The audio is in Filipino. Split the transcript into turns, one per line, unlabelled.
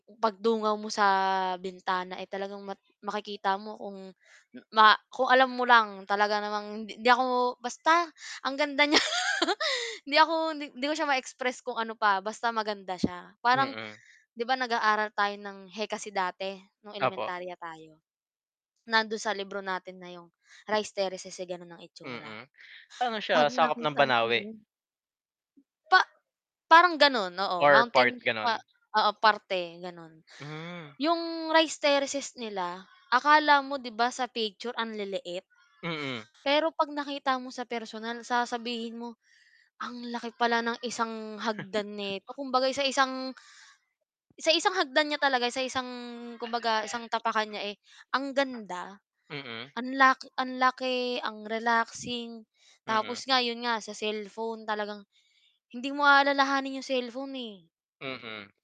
Pagdungaw mo sa bintana ay talagang makikita mo kung ma kung alam mo lang talaga namang hindi ako basta ang ganda niya hindi ako hindi ko siya ma-express kung ano pa basta maganda siya. Parang
Mm.
'di ba, nag-aaral tayo ng HEKASI dati nung
Opo.
elementarya tayo nandun sa libro natin na yung Rice Terraces ay ganun ang itsura?
Mm. Ano
Pag
siya sakop ng
nakita mo
Banaue?
mm. Pa parang ganun. Oo,
Or part
mountain pa
ganun?
oo parte ganun.
Hmm.
Yung Rice Terraces nila akala mo di ba sa picture ang liliit,
Mm.
pero 'pag nakita mo sa personal sasabihin mo ang laki pala ng isang hagdan neto kumbaga sa isang sa isang hagdan niya talaga, sa isang kumbaga isang tapakan niya ang ganda
Mm.
ang la ang laki, ang relaxing,
Mm.
tapos nga 'yon nga sa cellphone talagang hindi mo aalalahanin 'yong cellphone, eh.
Mm.